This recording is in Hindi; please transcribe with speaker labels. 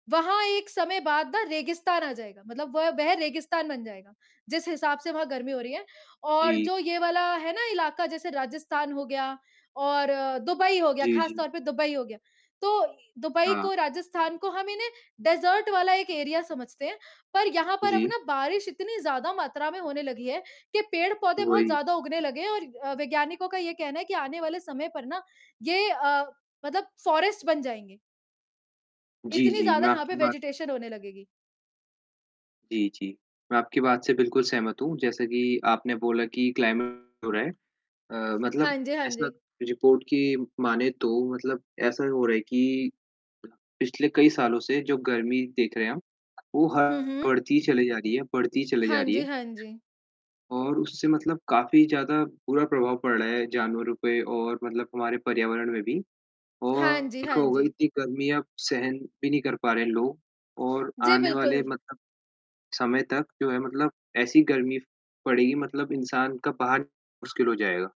Speaker 1: वहाँ एक समय बाद ना रेगिस्तान आ जाएगा। मतलब वह वे रेगिस्तान बन जाएगा। जिस हिसाब से वहाँ गर्मी हो रही है और
Speaker 2: जी।
Speaker 1: जो ये वाला है ना इलाक़ा जैसे राजस्थान हो गया और दुबई हो गया,
Speaker 2: जी,
Speaker 1: ख़ास
Speaker 2: जी।
Speaker 1: तौर पे दुबई हो गया। तो दुबई
Speaker 2: हाँ।
Speaker 1: को, राजस्थान को हम इन्हें डेज़र्ट वाला एक एरिया समझते हैं। पर यहाँ पर अब
Speaker 2: जी।
Speaker 1: ना बारिश इतनी ज़्यादा मात्रा में होने लगी है कि पेड़-पौधे बहुत
Speaker 2: वही।
Speaker 1: ज़्यादा उगने लगे हैं और अ, वैज्ञानिकों का ये कहना है कि आने वाले समय पर ना ये अ, मतलब फ़ॉरेस्ट बन जाएँगे।
Speaker 2: जी,
Speaker 1: इतनी
Speaker 2: जी।
Speaker 1: ज़्यादा
Speaker 2: मैं
Speaker 1: यहाँ
Speaker 2: आपकी
Speaker 1: पे
Speaker 2: बात
Speaker 1: वेजिटेशन होने लगेगी।
Speaker 2: जी, जी। मैं आपकी बात से बिल्कुल सहमत हूँ। जैसा कि आपने बोला कि क्लाइमेट हो रहा है। अ, मतलब
Speaker 1: हाँ जी, हाँ
Speaker 2: ऐसा
Speaker 1: जी।
Speaker 2: रिपोर्ट की मानें तो मतलब ऐसा हो रहा है कि पिछले कई सालों से जो गर्मी देख रहे हैं हम वो
Speaker 1: हुँ,
Speaker 2: ह
Speaker 1: हुँ।
Speaker 2: बढ़ती ही चली जा रही है बढ़ती ही चली जा
Speaker 1: हाँ
Speaker 2: रही
Speaker 1: जी,
Speaker 2: है।
Speaker 1: हाँ जी।
Speaker 2: और उससे मतलब काफ़ी ज़्यादा बुरा प्रभाव पड़ रहा है जानवरों पे और मतलब हमारे पर्यावरण में भी और
Speaker 1: हाँ जी,
Speaker 2: देखा
Speaker 1: हाँ
Speaker 2: होगा ही
Speaker 1: जी।
Speaker 2: इतनी गर्मी अब सहन भी नहीं कर पा रहे हैं लोग और
Speaker 1: जी,
Speaker 2: आने वाले
Speaker 1: बिल्कुल।
Speaker 2: मतलब समय तक जो है मतलब ऐसी गर्मी पड़ेगी मतलब इंसान का बाहर मुश्किल हो जाएगा।